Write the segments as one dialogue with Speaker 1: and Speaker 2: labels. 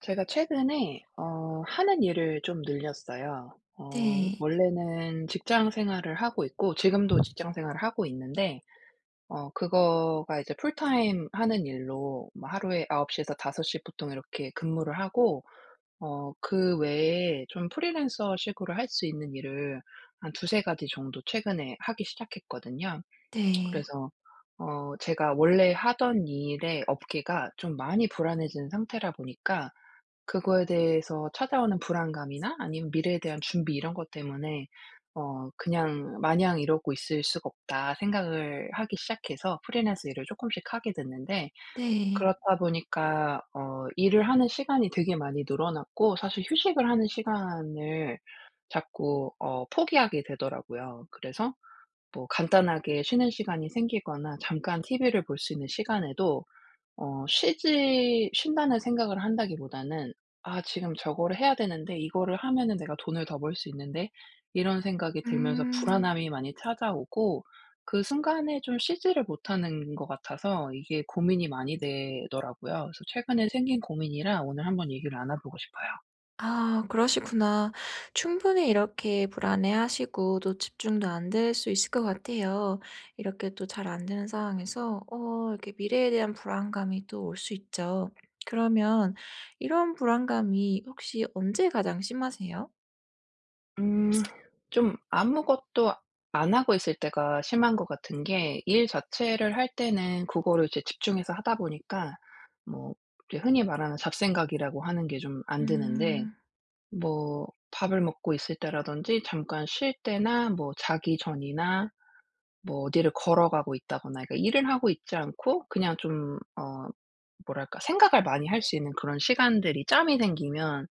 Speaker 1: 제가 최근에 어 하는 일을 좀 늘렸어요. 어
Speaker 2: 네.
Speaker 1: 원래는 직장 생활을 하고 있고 지금도 직장 생활을 하고 있는데 어 그거가 이제 풀타임 하는 일로 뭐 하루에 9 시에서 5 시 보통 이렇게 근무를 하고 어 그 외에 좀 프리랜서 식으로 할 수 있는 일을 한 2-3 가지 정도 최근에 하기 시작했거든요.
Speaker 2: 네.
Speaker 1: 그래서 어 제가 원래 하던 일의 업계가 좀 많이 불안해진 상태라 보니까 그거에 대해서 찾아오는 불안감이나 아니면 미래에 대한 준비 이런 것 때문에 어 그냥 '마냥 이러고 있을 수가 없다.' 생각을 하기 시작해서 프리랜서 일을 쪼끔씩 하게 됐는데
Speaker 2: 네.
Speaker 1: 그렇다 보니까 어 일을 하는 시간이 되게 많이 늘어났고 사실 휴식을 하는 시간을 자꾸 어 포기하게 되더라고요. 그래서 뭐 간단하게 쉬는 시간이 생기거나 잠깐 TV를 볼 수 있는 시간에도 어 쉬지 쉰다는 생각을 한다기보다는 '아 지금 저거를 해야 되는데. 이거를 하면은 내가 돈을 더 벌 수 있는데.' 이런 생각이 들면서
Speaker 2: 음.
Speaker 1: 불안함이 많이 찾아오고 그 순간에 좀 쉬지를 못하는 것 같아서 이게 고민이 많이 되더라고요. 그래서 최근에 생긴 고민이라 오늘 한번 얘기를 나눠 보고 싶어요.
Speaker 2: 아 그러시구나. 충분히 이렇게 불안해하시고 또 집중도 안 될 수 있을 것 같아요. 이렇게 또 잘 안되는 상황에서 어 이렇게 미래에 대한 불안감이 또 올 수 있죠. 그러면 이런 불안감이 혹시 언제 가장 심하세요?
Speaker 1: 음. 좀 아무것도 안 하고 있을 때가 심한 것 같은 게 일 자체를 할 때는 그거를 이제 집중해서 하다 보니까 뭐 우리 흔히 말하는 잡생각이라고 하는 게 좀 안 드는데
Speaker 2: 음.
Speaker 1: 뭐 밥을 먹고 있을 때라든지 잠깐 쉴 때나 뭐 자기 전이나 뭐 어디를 걸어가고 있다거나 이렇게 일을 하고 있지 않고 그냥 좀 어 뭐랄까 생각을 많이 할 수 있는 그런 시간들이 짬이 생기면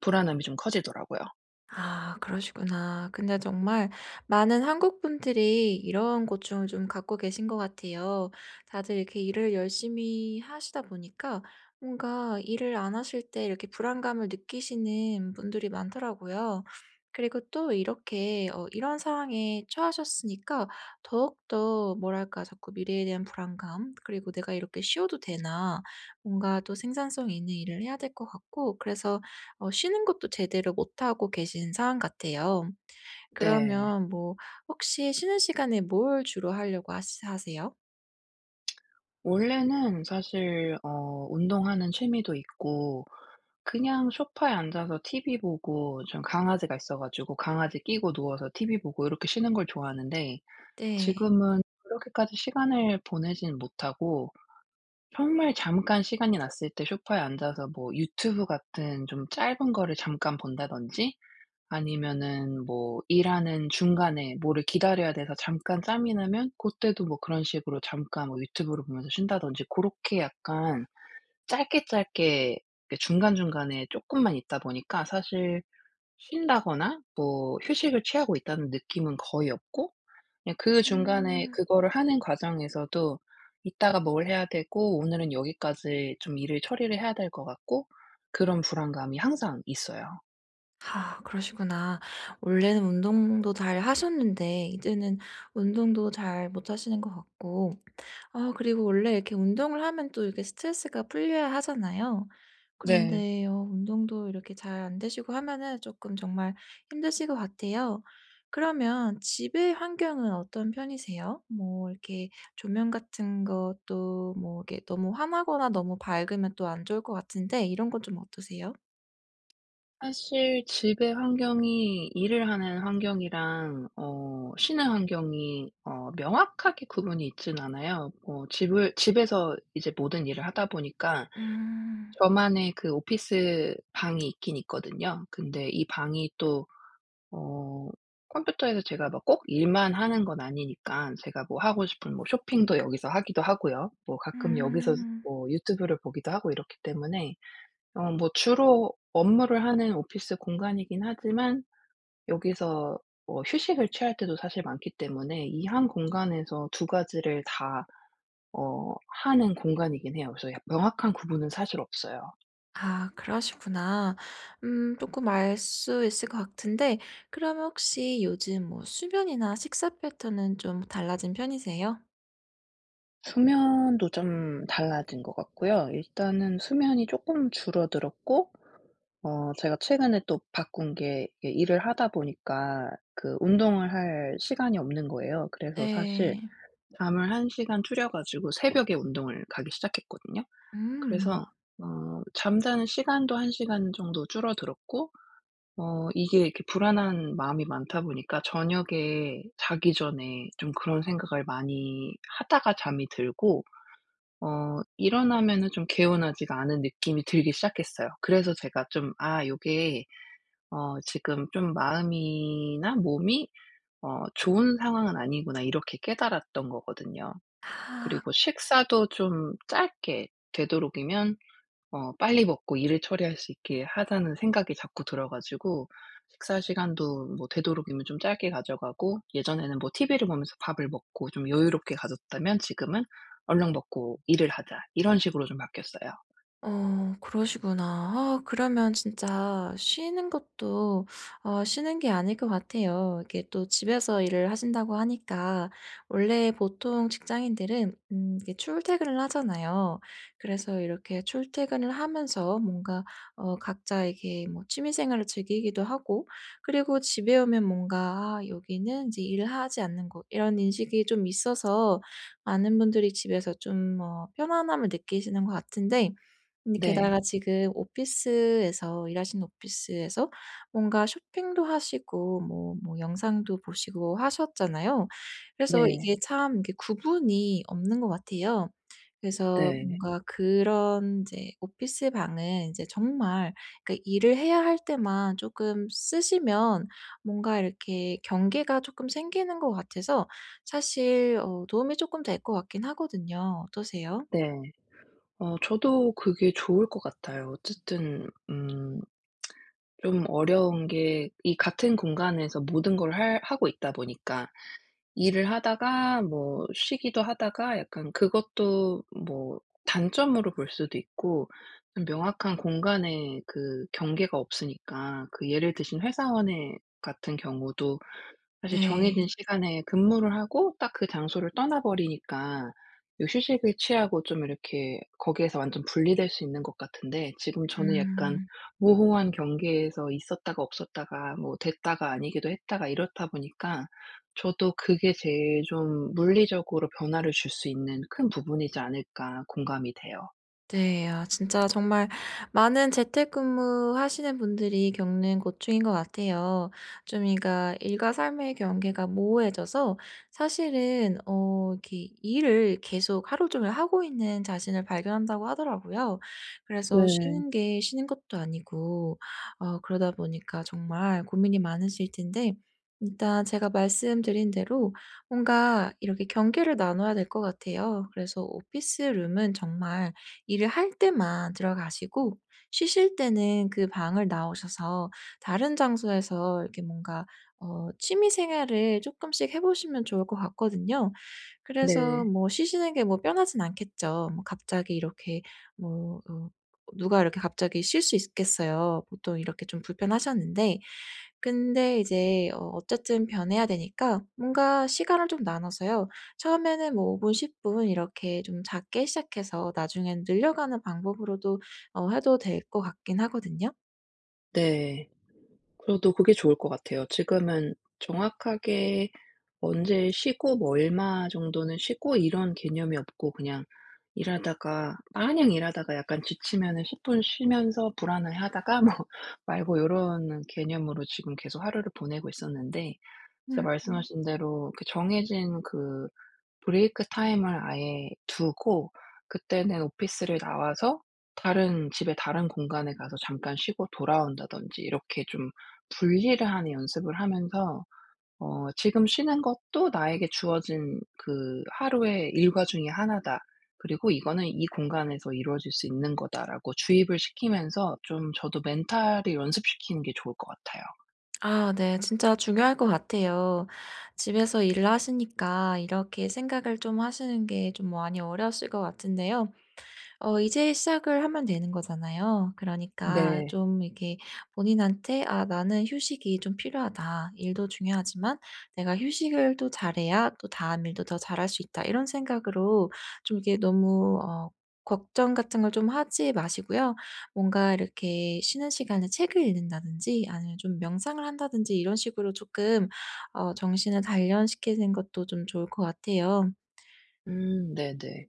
Speaker 1: 불안함이 좀 커지더라고요.
Speaker 2: 아 그러시구나. 근데 정말 많은 한국 분들이 이런 고충을 좀 갖고 계신 것 같아요. 다들 이렇게 일을 열심히 하시다 보니까 뭔가 일을 안 하실 때 이렇게 불안감을 느끼시는 분들이 많더라고요. 그리고 또 이렇게 어 이런 상황에 처하셨으니까 더욱더 뭐랄까 자꾸 미래에 대한 불안감 그리고 '내가 이렇게 쉬어도 되나.' 뭔가 또 생산성 있는 일을 해야 될 것 같고 그래서 어 쉬는 것도 제대로 못하고 계신 상황 같아요.
Speaker 1: 네.
Speaker 2: 그러면 뭐 혹시 쉬는 시간에 뭘 주로 하려고 하시 하세요?
Speaker 1: 원래는 사실 어 운동하는 취미도 있고 그냥 소파에 앉아서 TV 보고 좀 강아지가 있어 가지고 강아지 끼고 누워서 TV 보고 이렇게 쉬는 걸 좋아하는데
Speaker 2: 네.
Speaker 1: 지금은 그렇게까지 시간을 보내진 못하고 정말 잠깐 시간이 났을 때 소파에 앉아서 뭐 유튜브 같은 좀 짧은 거를 잠깐 본다든지 아니면은 뭐 일하는 중간에 뭐를 기다려야 돼서 잠깐 짬이 나면 고때도 뭐 그런 식으로 잠깐 뭐 유튜브를 보면서 쉰다든지 고렇게 약간 짧게 짧게 이렇게 중간중간에 쪼끔만 있다 보니까 사실 쉰다거나 뭐 휴식을 취하고 있다는 느낌은 거의 없고 그냥 그 중간에
Speaker 2: 음.
Speaker 1: 그거를 하는 과정에서도 이따가 뭘 해야 되고 오늘은 여기까지 좀 일을 처리를 해야 될 것 같고 그런 불안감이 항상 있어요.
Speaker 2: 아 그러시구나. 원래는 운동도 잘 하셨는데 이제는 운동도 잘 못하시는 것 같고 아 그리고 원래 이렇게 운동을 하면 또 이렇게 스트레스가 풀려야 하잖아요.
Speaker 1: 네.
Speaker 2: 그런데요 운동도 이렇게 잘 안 되시고 하면은 쪼끔 정말 힘드실 것 같아요. 그러면 집의 환경은 어떤 편이세요? 뭐 이렇게 조명 같은 것도 뭐 이렇게 너무 환하거나 너무 밝으면 또 안 좋을 것 같은데 이런 건 좀 어떠세요?
Speaker 1: 사실 집의 환경이 일을 하는 환경이랑 어 쉬는 환경이 어 명확하게 구분이 있진 않아요. 뭐 집을 집에서 이제 모든 일을 하다 보니까
Speaker 2: 음.
Speaker 1: 저만의 그 오피스 방이 있긴 있거든요. 근데 이 방이 또 어 컴퓨터에서 제가 뭐 꼭 일만 하는 건 아니니깐 제가 뭐 하고 싶은 뭐 쇼핑도 여기서 하기도 하고요. 뭐 가끔 여기서
Speaker 2: 음.
Speaker 1: 뭐 유튜브를 보기도 하고 이렇기 때문에 어 뭐 주로 업무를 하는 오피스 공간이긴 하지만 여기서 뭐 휴식을 취할 때도 사실 많기 때문에 이 1 공간에서 2 가지를 다 어 하는 공간이긴 해요. 그래서 약 명확한 구분은 사실 없어요.
Speaker 2: 아 그러시구나. 음 쪼끔 알 수 있을 것 같은데 그러면 혹시 요즘 뭐 수면이나 식사 패턴은 좀 달라진 편이세요?
Speaker 1: 수면도 좀 달라진 것 같고요. 일단은 수면이 쪼끔 줄어들었고 어 제가 최근에 또 바꾼 게 이 일을 하다 보니까 그 운동을 할 시간이 없는 거예요. 그래서 사실
Speaker 2: 네.
Speaker 1: 잠을 1 시간 줄여 가지고 새벽에 운동을 가기 시작했거든요. 그래서
Speaker 2: 음.
Speaker 1: 어 잠자는 시간도 1 시간 정도 줄어들었고 어 이게 이렇게 불안한 마음이 많다 보니까 저녁에 자기 전에 좀 그런 생각을 많이 하다가 잠이 들고 어 일어나면은 좀 개운하지가 않은 느낌이 들기 시작했어요. 그래서 제가 좀 '아 요게 어 지금 좀 마음이나 몸이 어 좋은 상황은 아니구나.' 이렇게 깨달았던 거 거든요.
Speaker 2: 아.
Speaker 1: 그리고 식사도 좀 짧게 되도록이면 어 '빨리 먹고 일을 처리할 수 있게 하자.'는 생각이 자꾸 들어 가지고 식사시간도 뭐 되도록이면 좀 짧게 가져가고 예전에는 뭐 TV를 보면서 밥을 먹고 좀 여유롭게 가졌다면 지금은 '얼른 먹고 일을 하자.' 이런 식으로 좀 바뀌었어요.
Speaker 2: 어 그러시구나. 아 그러면 진짜 쉬는 것도 어 쉬는 게 아닐 것 같아요. 이게 또 집에서 일을 하신다고 하니까 원래 보통 직장인들은 음 이게 출퇴근을 하잖아요. 그래서 이렇게 출퇴근을 하면서 뭔가 어 각자 이렇게 뭐 취미 생활을 즐기기도 하고 그리고 집에 오면 뭔가 '아 여기는 인제 일을 하지 않는 곳.' 이런 인식이 좀 있어서 많은 분들이 집에서 좀 뭐 편안함을 느끼시는 것 같은데 근데 게다가
Speaker 1: 네.
Speaker 2: 지금 오피스에서 일하시는 오피스에서 뭔가 쇼핑도 하시고 뭐 뭐 영상도 보시고 하셨잖아요. 그래서
Speaker 1: 네.
Speaker 2: 이게 참 이게 구분이 없는 것 같아요. 그래서
Speaker 1: 네.
Speaker 2: 뭔가 그런 인제 오피스 방은 인제 정말 그 일을 해야 할 때만 쪼끔 쓰시면 뭔가 이렇게 경계가 쪼끔 생기는 것 같아서 사실 어 도움이 쪼끔 될 것 같긴 하거든요. 어떠세요?
Speaker 1: 네. 어 저도 그게 좋을 것 같아요. 어쨌든 음 좀 어려운 게 이 같은 공간에서 모든 걸 할 하고 있다 보니까 일을 하다가 뭐 쉬기도 하다가 약간 그것도 뭐 단점으로 볼 수도 있고 명확한 공간에 그 경계가 없으니까 그 예를 드신 회사원의 같은 경우도 사실
Speaker 2: 네.
Speaker 1: 정해진 시간에 근무를 하고 딱 그 장소를 떠나버리니까 이 휴식을 취하고 좀 이렇게 거기에서 완전 분리될 수 있는 것 같은데 지금 저는 약간
Speaker 2: 음.
Speaker 1: 모호한 경계에서 있었다가 없었다가 뭐 됐다가 아니기도 했다가 이렇다 보니까 저도 '그게 제일 좀 물리적으로 변화를 줄 수 있는 큰 부분이지 않을까.' 공감이 돼요.
Speaker 2: 네, 아 진짜 정말 많은 재택근무하시는 분들이 겪는 고충인 것 같아요. 좀 그러니까 일과 삶의 경계가 모호해져서 사실은 어 기 일을 계속 하루 종일 하고 있는 자신을 발견한다고 하더라고요. 그래서
Speaker 1: 네.
Speaker 2: 쉬는 게 쉬는 것도 아니고 어 그러다 보니까 정말 고민이 많으실 텐데. 일단 제가 말씀드린 대로 뭔가 이렇게 경계를 나눠야 될 것 같아요. 그래서 오피스 룸은 정말 일을 할 때만 들어가시고 쉬실 때는 그 방을 나오셔서 다른 장소에서 이렇게 뭔가 어 취미 생활을 쪼끔씩 해 보시면 좋을 것 같거든요. 그래서
Speaker 1: 네.
Speaker 2: 뭐 쉬시는 게 뭐 편하진 않겠죠. 뭐 갑자기 이렇게 뭐 어 어 누가 이렇게 갑자기 쉴 수 있겠어요, 보통 이렇게 좀 불편하셨는데 근데 이제 어 어쨌든 변해야 되니까 뭔가 시간을 좀 나눠서요 처음에는 뭐 5 분, 10 분 이렇게 좀 작게 시작해서 나중에는 늘려가는 방법으로도 어 해도 될 것 같긴 하거든요.
Speaker 1: 네. 그래도 그게 좋을 것 같아요. 지금은 정확하게 언제 쉬고 뭐 얼마 정도는 쉬고 이런 개념이 없고 그냥 일하다가 마냥 일하다가 약간 지치면은 10 분 쉬면서 불안해하다가 뭐 말고 요런 개념으로 지금 계속 하루를 보내고 있었는데 진짜
Speaker 2: 음.
Speaker 1: 말씀하신 대로 그 정해진 그 브레이크 타임을 아예 두고 그때는 오피스를 나와서 다른 집에 다른 공간에 가서 잠깐 쉬고 돌아온다든지 이렇게 좀 분리를 하는 연습을 하면서 어 '지금 쉬는 것도 나에게 주어진 그 하루의 일과 중에 1 다. 그리고 이거는 이 공간에서 이루어질 수 있는 거다.'라고 주입을 시키면서 좀 저도 멘탈을 연습시키는 게 좋을 것 같아요.
Speaker 2: 아 네. 진짜 중요할 것 같아요. 집에서 일을 하시니까 이렇게 생각을 좀 하시는 게 좀 많이 어려우실 것 같은데요. 어 이제 시작을 하면 되는 거잖아요. 그러니까
Speaker 1: 네.
Speaker 2: 좀 이렇게 본인한테 '아 나는 휴식이 좀 필요하다. 일도 중요하지만 내가 휴식을 또 잘 해야 또 다음 일도 더 잘 할 수 있다.' 이런 생각으로 좀 이게 너무 어 걱정 같은 걸 좀 하지 마시고요. 뭔가 이렇게 쉬는 시간에 책을 읽는다든지 아니면 좀 명상을 한다든지 이런 식으로 쪼끔 어 정신을 단련시키는 것도 좀 좋을 것 같아요.
Speaker 1: 음 네네.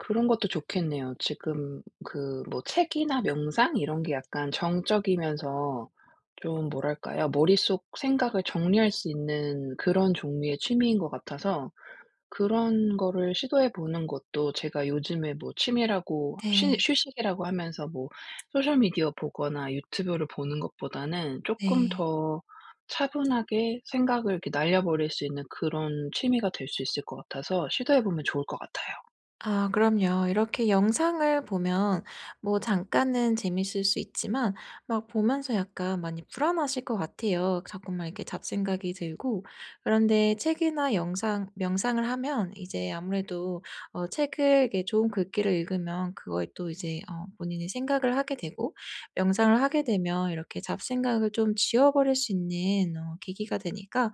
Speaker 1: 그런 것도 좋겠네요. 지금 그 뭐 책이나 명상 이런 게 약간 정적이면서 좀 뭐랄까요? 머릿속 생각을 정리할 수 있는 그런 종류의 취미인 것 같아서 그런 거를 시도해 보는 것도 제가 요즘에 뭐 취미라고 쉬
Speaker 2: 네.
Speaker 1: 휴식이라고 하면서 뭐 소셜미디어 보거나 유튜브를 보는 것보다는 쪼끔
Speaker 2: 네.
Speaker 1: 더 차분하게 생각을 이렇게 날려버릴 수 있는 그런 취미가 될 수 있을 것 같아서 시도해 보면 좋을 것 같아요.
Speaker 2: 아 그럼요. 이렇게 영상을 보면 뭐 잠깐은 재밌을 수 있지만 막 보면서 약간 많이 불안하실 거 같아요. 그 자꾸만 이렇게 잡생각이 들고. 그런데 책이나 영상 명상을 하면 이제 아무래도 어 책을 이렇게 좋은 글귀를 읽으면 그거에 또 이제 어 본인이 생각을 하게 되고 명상을 하게 되면 이렇게 잡생각을 좀 지워버릴 수 있는 어 계기가 되니까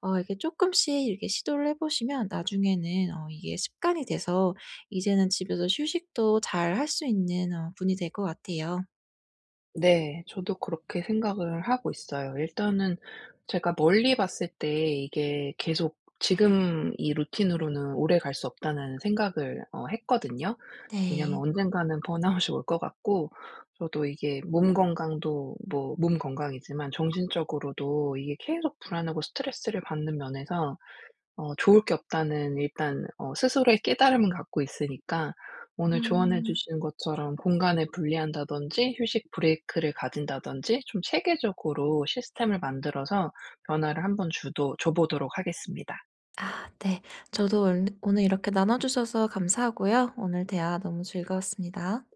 Speaker 2: 어 이게 쪼끔씩 이렇게 시도를 해보시면 나중에는 어 이게 습관이 돼서 이제는 집에서 휴식도 잘할 수 있는 어 분이 될 것 같아요.
Speaker 1: 네, 저도 그렇게 생각을 하고 있어요. 일단은 제가 멀리 봤을 때 이게 계속 '지금 이 루틴으로는 오래 갈 수 없다.'는 생각을 어 했거든요. 왜냐하면
Speaker 2: 네.
Speaker 1: 언젠가는 번아웃이 올 것 같고 저도 이게 '몸 건강도 뭐 몸 건강이지만 정신적으로도 이게 계속 불안하고 스트레스를 받는 면에서 어 좋을 게 없다.'는 일단 어 스스로의 깨달음은 갖고 있으니까 오늘 조언해
Speaker 2: 음.
Speaker 1: 주신 것처럼 공간을 분리한다든지 휴식 브레이크를 가진다든지 좀 체계적으로 시스템을 만들어서 변화를 한번 주도 줘보도록 하겠습니다.
Speaker 2: 아 네. 저도 올 오늘 이렇게 나눠주셔서 감사하고요. 오늘 대화 너무 즐거웠습니다.